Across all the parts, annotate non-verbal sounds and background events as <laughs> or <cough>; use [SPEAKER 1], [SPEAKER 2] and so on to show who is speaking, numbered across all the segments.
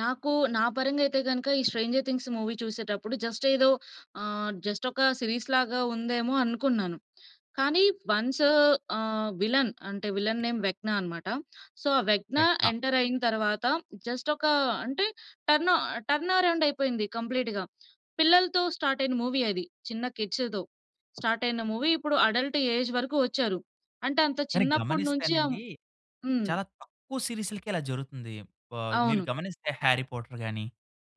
[SPEAKER 1] నాకు, నా పరంగా అయితే గనుక ఈ 'స్ట్రేంజర్ థింగ్స్' మూవీ చూసేటప్పుడు జస్ట్ ఏదో ఆహ్, జస్టొక సీరీస్ లాగా ఉందేమో అనుకున్నాను. కానీ వన్సు ఆహ్, విల్లెన్ అంటే, విల్లెన్ నేమ్ వెక్న అన్నమాట. సో, ఆ వెక్న
[SPEAKER 2] టెక్న
[SPEAKER 1] ఎంటరయిన తరువాత, జస్ట్ ఒకా అంటే టర్నో టర్న్ అరౌండయిపోయింది కంప్లీట్‌గా. పిల్లలతో స్టార్టయిన మూవీ అది. చిన్న కిడ్స్‌తో. స్టార్టయిన మూవీ ఇప్పుడు అడల్ట్ ఏజ్ వరకు వచ్చారు. అంటే, అంత
[SPEAKER 2] కానీ
[SPEAKER 1] చిన్నప్పడి నుంచి అం
[SPEAKER 2] గమనిస్తేనండి,
[SPEAKER 1] హ్మ్.
[SPEAKER 2] చాలా తక్కువ సీరీస్‌లకే ఇలా జరుగుతుంది. ఆహ్, మీరు
[SPEAKER 1] అవును.
[SPEAKER 2] గమనిస్తే 'హ్యారీ పాటర్' గాని,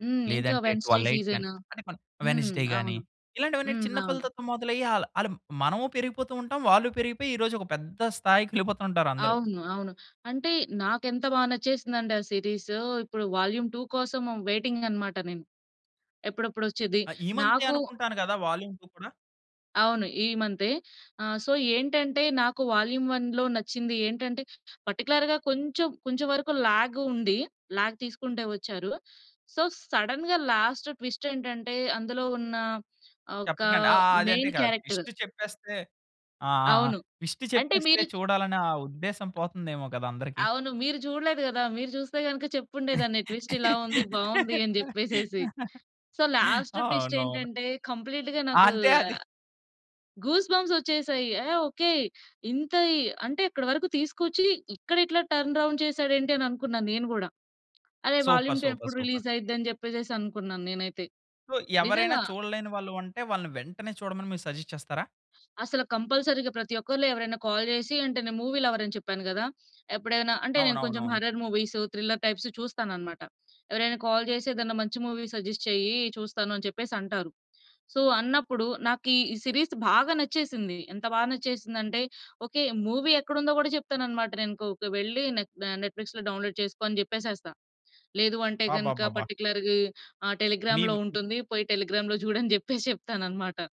[SPEAKER 1] హ్మ్. ఇంకా
[SPEAKER 2] లేదంటే
[SPEAKER 1] 'వెన్‌స్‌డే
[SPEAKER 2] 'ట్వెల్ ఎయిట్' గాని,
[SPEAKER 1] సీజను.'
[SPEAKER 2] అంటే మన
[SPEAKER 1] హ్మ్.
[SPEAKER 2] 'వెడ్‌నెస్‌డే' గాని
[SPEAKER 1] అవును.
[SPEAKER 2] ఇలాంటివన్నీ
[SPEAKER 1] హ్మ్.
[SPEAKER 2] చిన్న
[SPEAKER 1] అవును.
[SPEAKER 2] పిల్లలతో మొదలయ్యి ఆల్ ఆలు మనమూ పెరిగిపోతూ ఉంటాం, వాళ్ళు పెరిగిపోయి, ఈరోజొక పెద్ద స్థాయికి వెళ్ళిపోతూ ఉంటారు అందరు.
[SPEAKER 1] అవును, అవును. అంటే నాకెంత బా నచ్చేసిందండే ఆ సీరీసు, ఇప్పుడు 'వాల్యూమ్ 2' కోసం వైటింగనమాట నేను. ఎప్పుడప్పుడొచ్చేది.
[SPEAKER 2] ఆహ్, ఈ మంతే
[SPEAKER 1] నాకూ
[SPEAKER 2] అనుకుంటాను కదా! 'వాల్యూమ్ 2' కూడా.
[SPEAKER 1] అవును. ఈ మంతే. ఆహ్, సో, ఏంటంటే నాకు 'వాల్యూమ్ 1' లో నచ్చింది ఏంటంటే, పర్టిక్యులర్‌గా కొంచెం, కొంచెం వరకు లాగ్ ఉంది. లాగ్ తీసుకుంటే వచ్చారు. సో, సడెన్‌గా లాస్ట్ ట్విస్టేంటంటే, అందులో ఉన్న ఆహ్, ఒక
[SPEAKER 2] చెప్పకండి. ఆ! అదంటే
[SPEAKER 1] మెయిన్
[SPEAKER 2] కాదు.
[SPEAKER 1] క్యారెక్టరు.
[SPEAKER 2] ట్విస్ట్ చెప్పేస్తే, ఆ! ఆ! ఆ!
[SPEAKER 1] అవును.
[SPEAKER 2] ట్విస్ట్
[SPEAKER 1] అంటే
[SPEAKER 2] చెప్పేస్తే
[SPEAKER 1] మీరు చు
[SPEAKER 2] చూడాలనే ఆ ఉద్దేశం పోతుందేమో కదా అందరికి.
[SPEAKER 1] అవును. మీరు చూడలేదు గదా! మీరు చూస్తే గనుక చెప్పుండే దాన్ని. ట్విస్ట్ ఇలా ఉంది. బావుంది అని జెప్పేసేసి.
[SPEAKER 2] <laughs>
[SPEAKER 1] సో, లాస్ట్
[SPEAKER 2] అవునవును.
[SPEAKER 1] ట్విస్టేంటంటే, కంప్లీట్‌గా నాకూ
[SPEAKER 2] అంతే అది
[SPEAKER 1] గూస్ బంప్సొచ్చేసాయి. యహ్! ఓకే. ఇంత ఇ అంటే ఇక్కడి వరకు తీసుకొచ్చి, ఇక్కడ ఇట్లా టర్న్ రౌండ్ చేసాడేంటి అని అనుకున్నాను నేను గూడా. అరె!
[SPEAKER 2] సూపర్,
[SPEAKER 1] 'వాల్యూమ్ 2'
[SPEAKER 2] సూపర్,
[SPEAKER 1] ఎప్పుడు
[SPEAKER 2] సూపర్.
[SPEAKER 1] రిలీజయిద్ది అని జెప్పేసేసి అనుకున్నాను నేనైతే.
[SPEAKER 2] సో, ఎవరైనా
[SPEAKER 1] నిజంగా.
[SPEAKER 2] చూడలేని వాళ్ళు ఉంటే, వాళ్ళని వెంటనే చూడమని మీరు సజెస్ట్ చేస్తారా?
[SPEAKER 1] అసలు కంపల్సరీగా ప్రతి ఒక్కరిలో ఎవరైనా కాల్ జేసి అంటే నేను మూవీ లవర్ అని చెప్పాను గదా! ఎప్పుడైనా అంటే, నేను కొంచెం
[SPEAKER 2] అవునవునవును.
[SPEAKER 1] హారర్ మూవీస్, థ్రిల్లర్ టైప్స్ చూస్తాననమాట. ఎవరైనా కాల్ జేసి, "ఏదైనా మంచి మూవీ సజెస్ట్ చెయ్యి." చూస్తాను అని చెప్పేసంటారు. సో, అన్నప్పుడు, నాకు ఈ సీరీస్ బాగా నచ్చేసింది. ఎంత బాగా నచ్చేసిందంటే ఓకే. మూవీ ఎక్కడుందో గూడా చెప్తాననమాట. నేనుకోక వెళ్లి నెట్ దా నెట్‌ఫ్లిక్స్‌లో డౌన్లోడ్ చేసుకో అని జెప్పేసేస్తా. లేదు అంటే గనుక,
[SPEAKER 2] అబ్బబ్బబ్బా!
[SPEAKER 1] పర్టిక్యులర్‌గా ఆహ్, టెలిగ్రామ్‌లో
[SPEAKER 2] మీమ్
[SPEAKER 1] ఉంటుంది. పోయి టెలిగ్రామ్‌లో <chuckles> జూడు అని జెప్పేసి చెప్తాననమాట.